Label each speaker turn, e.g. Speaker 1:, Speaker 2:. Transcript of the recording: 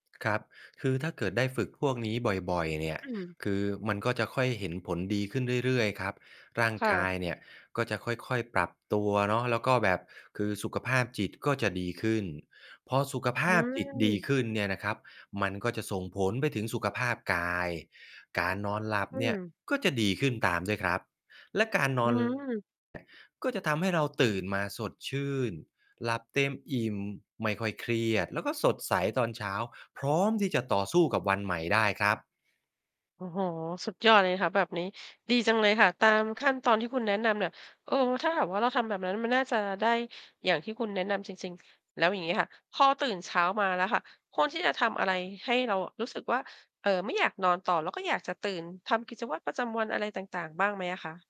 Speaker 1: ครับ คือถ้าเกิดได้ฝึกพวกนี้บ่อย ๆ เนี่ย
Speaker 2: อืม
Speaker 1: คือมันก็จะค่อยเห็นผลดีขึ้นเรื่อย ๆ ครับ ร่าง
Speaker 2: ค่
Speaker 1: กา
Speaker 2: ะ
Speaker 1: ยเนี่ยก็จะค่อย ๆ ปรับตัวเนาะ แล้วก็แบบ คือสุขภาพจิตก็จะดีขึ้น พอสุขภ
Speaker 2: อื
Speaker 1: าพจิตดีข
Speaker 2: ม
Speaker 1: ึ้นเนี่ยนะครับ มันก็จะส่งผลไปถึงสุขภาพกาย การนอนหลับ
Speaker 2: อื
Speaker 1: เนี่ย
Speaker 2: ม
Speaker 1: ก็จะดีขึ้นตามด้วยครับ และการ น
Speaker 2: อ
Speaker 1: อ
Speaker 2: ื้อ
Speaker 1: น เนี่ย
Speaker 2: ฮือ
Speaker 1: ก็จะทำให้เราตื่นมาสดชื่น หลับเต็มอิ่ม ไม่ค่อยเครียด แล้วก็สดใสตอนเช้า พร้อมที่จะต่อสู้กับวันใหม่ได้ครับ
Speaker 2: โอ้โฮ สุดยอด เลยค่ะแบบนี้ ดีจังเลยค่ะ ตามขั้นตอนที่คุณแนะนำเนี่ย เออ ถ้าหากว่า เราทำแบบนั้นมันน่าจะได้อย่างที่คุณแนะนำจริง ๆ แล้วอย่างงี้ค่ะ พอตื่นเช้ามาแล้วค่ะ ควรที่จะทำอะไรให้เราอะรู้สึกว่า เอ่อ ไม่ อยาก นอนต่อ แล้วก็อยากจะตื่นทำกิจวัตรประจำวันอะไรต่าง ๆ บ้างไหมอะคะ?